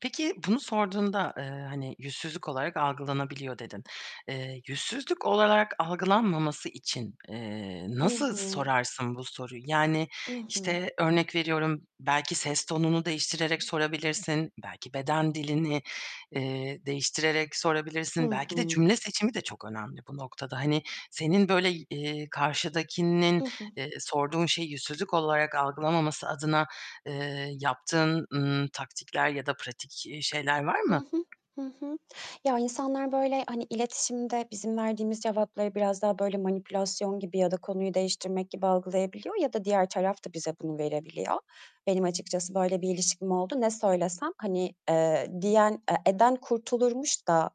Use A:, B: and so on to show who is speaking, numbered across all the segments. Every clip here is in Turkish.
A: Peki, bunu sorduğunda, eee, hani, yüzsüzlük olarak algılanabiliyor dedin. Eee, yüzsüzlük olarak algılanmaması için, eee,
B: I
A: nasıl
B: hı.
A: sorarsın bu soruyu? Yani,
B: I hı.
A: işte, örnek veriyorum belki ses tonunu değiştirerek sorabilirsin, belki beden dilini, eee, değiştirerek
B: Hı
A: sorabilirsin. Belki
B: hı.
A: de cümle seçimi de çok önemli bu noktada. Hani, senin böyle, eee, karşıdakinin,
B: I hı.
A: eee, sorduğun şeyi yüzsüzlük olarak algılamaması adına, eee, yaptığın, ımm, taktikler ya da pratik, eee, şeyler var
B: I
A: mı?
B: hı, hı hı. Ya, insanlar böyle, hani, iletişimde bizim verdiğimiz cevapları biraz daha böyle, manipülasyon gibi ya da konuyu değiştirmek gibi algılayabiliyor ya da diğer taraf da bize bunu verebiliyor. Benim açıkçası böyle bir ilişkim oldu, ne söylesem? Hani, eee, diyen e, eden kurtulurmuş da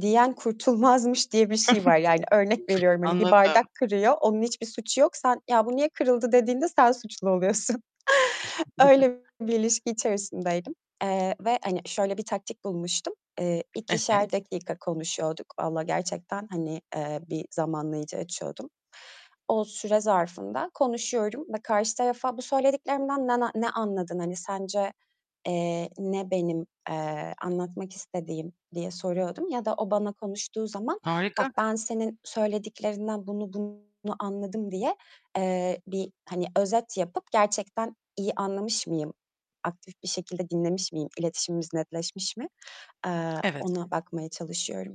B: diyen kurtulmazmış diye bir şey var. Yani, örnek veriyorum: Hani bir
A: Anladım.
B: bardak kırıyor, onun hiçbir suçu yok. Sen ya, bu niye kırıldı dediğinde sen suçlu oluyorsun. Öyle bir ilişki içerisindeydim, eee, ve, hani, şöyle bir taktik bulmuştum. Eee,
A: Evet.
B: 2'şer dakika konuşuyorduk vallahi gerçekten. Hani, eee, bir zamanlayıcı açıyordum. O süre zarfında konuşuyorum ve karşı tarafa "Bu söylediklerimden na na ne anladın, hani, sence, eee, ne benim, eee, anlatmak istediğim?" diye soruyordum ya da o bana konuştuğu zaman "Bak,
A: Harika.
B: ben senin söylediklerinden bunu bunu anladım." diye, eee, bir, hani, özet yapıp gerçekten iyi anlamış mıyım, aktif bir şekilde dinlemiş miyim, iletişimimiz netleşmiş mi, eee,
A: Evet.
B: ona bakmaya çalışıyorum.